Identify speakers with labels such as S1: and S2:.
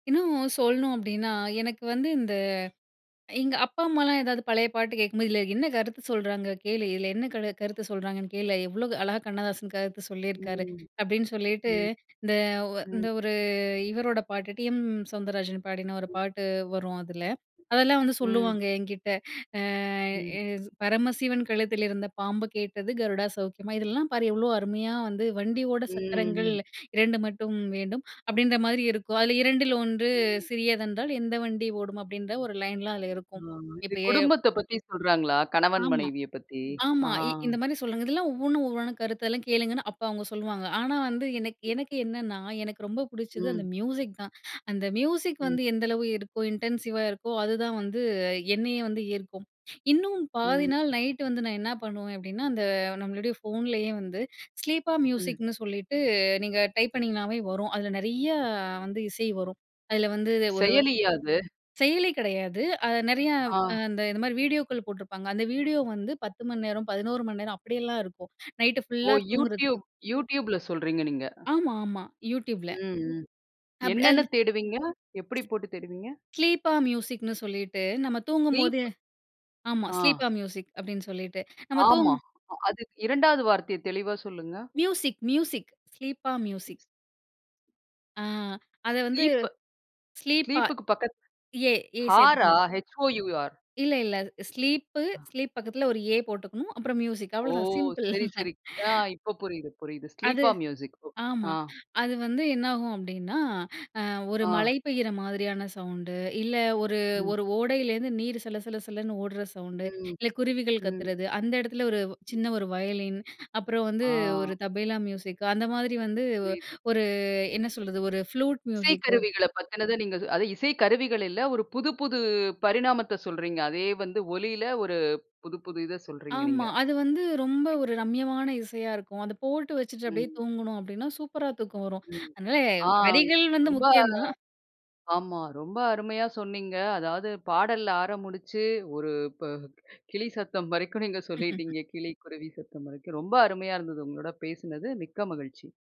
S1: இன்னும் சொல்லணும் அப்படீன்னா, எனக்கு வந்து இந்த, எங்க அப்பா, அம்மாலாம் ஏதாவது பழைய பாட்டு கேட்கும்போது, "இதுல என்ன கருத்து சொல்றாங்க கேளு! இதுல என்ன கரு கருத்து சொல்றாங்கன்னு கேளு. எவ்ளோ அழகா கண்ணதாசன் கருத்து சொல்லிருக்காரு."
S2: ம்.
S1: அப்படீன்னு சொல்லிட்டு
S2: ம்.
S1: இந்த, ஒ இந்த
S2: ம்.
S1: ஒரு, இவரோட பாட்டு, 'டி.எம். சௌந்தரராஜன்' பாடின ஒரு பாட்டு வரும் அதுல. அதெல்லாம் வந்து
S2: ம்.
S1: சொல்லுவாங்க என்கிட்ட. அ
S2: ம்.
S1: எ 'பரமசிவன் கழுத்தில் இருந்த பாம்பு கேட்டது. கருடா சௌக்கியமா? 'இதெல்லாம் பாரு எவ்ளோ அருமையா வந்து. "வண்டி ஓட சக்கரங்கள்
S2: ம்ஹ்ம்.
S1: 2 மட்டும் வேண்டும்." அப்படீன்ற மாரி இருக்கும். "அதில் 2/1
S2: ம்.
S1: சிறியதென்றால், எந்த வண்டி ஓடும்?" அப்படீன்ற ஒரு லைன்லாம் அதுல இருக்கும்.
S2: ஆமா. இது
S1: இப்ப எ
S2: குடும்பத்த பத்தி சொல்றாங்களா? கணவன்
S1: ஆமா,
S2: மனைவிய பத்தி. ஆ!
S1: ஆமா. இ இந்த மாரி, சொல்றாங்க. இதெல்லாம் ஒவ்வொன்னும், ஒவ்வொன்னு கருத்தெல்லாம் கேளுங்கன்னு, அப்ப அவங்க சொல்லுவாங்க. ஆனா வந்து எனக்கு எனக்கு என்னன்னா, எனக்கு ரொம்ப புடிச்சது
S2: ம்.
S1: அந்த மியூசிக் தான். அந்த மியூசிக்
S2: ம்.
S1: வந்து எந்த அளவு இருக்கோ, இன்டென்சிவா இருக்கோ, அதுதான் வந்து என்னய வந்து ஈர்க்கும். இன்னும் பாதி
S2: ம்.
S1: நாள் நைட்டு வந்து நான் என்னா பண்ணுவேன் அப்படீன்னா, அந்த நம்மளுடைய ஃபோன்லயே வந்து ஸ்லீப்பா
S2: ம்.
S1: மியூசிக்ன்னு சொல்லீட்டு, நீங்க டைப் பண்ணீங்கனாவே வரும். அதுல நெறைய வந்து இசை வரும். அதுல வந்து ஒரு
S2: செயலியா அது?
S1: செயலி கெடையாது. அது நெறைய
S2: அ.
S1: அந்த இது மாரி வீடியோக்கள் போட்டுருப்பாங்க. அந்த வீடியோ வந்து 10 மணி நேரம் 11 மணி நேரம் அப்படியெல்லாம் இருக்கும். நைட்டு
S2: ஓ!
S1: ஃபுல்லா தூங்குறதுக்கு.
S2: Youtube, Youtube ல சொல்றீங்க நீங்க.
S1: ஆமா, ஆமா. Youtube ல.
S2: ம், ம்.
S1: அப் அல்
S2: என்னன்னு தேடுவீங்க? எப்படி போட்டு தேடுவீங்க?
S1: ஸ்லீப்பா மியூசிக்ன்னு சொல்லிட்டு, நம்ம தூங்கும்போது
S2: வீப்
S1: ஆமா.
S2: அ.
S1: ஸ்லீப்பா மியூசிக் அப்படீன்னு சொல்லிட்டு, நம்ம தூங்
S2: ஆமா. அது 2வது வார்த்தைய தெளிவா சொல்லுங்க.
S1: மியூசிக், மியூசிக், ஸ்லீப்பா மியூசிக்ன்னு அ, அத வந்து,
S2: ஸ்லீப்.
S1: ஸ்லீப்பா
S2: ஸ்லீப்புக்கு பக்கத்
S1: ஏ, ஏ
S2: ஹாரா?
S1: சேர்த்துக்கணும்.
S2: ஹெச்-ஓ-யூ-ஆர்.
S1: இல்ல, இல்ல. ஸ்லீப்பு,
S2: அ.
S1: ஸ்லீப் பக்கத்தில ஒரு 'ஏ' போட்டுக்கணும். அப்பறம் மியூசிக்.
S2: ஓ!
S1: அவ்வளதான் சிம்பிள்!
S2: சரி, சரி. அ இப்ப புரியுது, புரியுது.
S1: அது,
S2: ஸ்லீப்பா மியூசிக். ஓகே.
S1: ஆமா.
S2: அ.
S1: அது வந்து என்னாகும் அப்படீன்னா, அ, ஒரு
S2: அ.
S1: மழை பெய்யிற மாதிரியான சவுண்டு. இல்ல ஒரு
S2: ம்.
S1: ஒரு ஓடையிலருந்து நீர் சல சல சலன்னு ஓடுற சவுண்டு.
S2: ம்.
S1: இல்ல குருவிகள்
S2: ம்.
S1: கத்துறது. அந்த இடத்துல ஒரு வ் சின்ன ஒரு வயலின்! அப்பறம் வந்து
S2: ஆ!
S1: ஒரு தபேலா மியூசிக் அந்த மாரி வந்து, ஒ
S2: புரியுது.
S1: ஒரு என்ன சொல்றது? ஒரு ஃப்ளூட் மியூசிக்கு!
S2: இசைக்கருவிகளப் பத்தினத நீங்க அது இசைக்கருவிகள் இல்ல, ஒரு புதுப் புது பரிணாமத்த சொல்றீங்க. அதே வந்து ஒலில, ஒரு புது புது இத சொல்கிறீங்க
S1: ஆமா.
S2: நீங்க.
S1: அது வந்து ரொம்ப ஒரு
S2: புரியுது.
S1: ரம்யமான இசையா இருக்கும். அத போட்டு வச்சுட்டு, அப்படியே
S2: ம்.
S1: தூங்கணோம் அப்படீன்னா, சூப்பரா தூக்கம் வரும்.
S2: ம்.
S1: அதனால
S2: ஆ!
S1: வரிகள் வந்து
S2: ரொம்ப
S1: முக்கியம் தான்.
S2: ஆமா, ரொம்ப அருமையா சொன்னீங்க. அதாவது பாடல்ல ஆரம்பிச்சு, ஒரு இப்ப கிளி சத்தம் வரைக்கும் நீங்க சொல்லீட்டீங்க. கிளி, குருவி சத்தம் வரைக்கும். ரொம்ப அருமையா இருந்தது, உங்களோட பேசுனது. மிக்க மகிழ்ச்சி!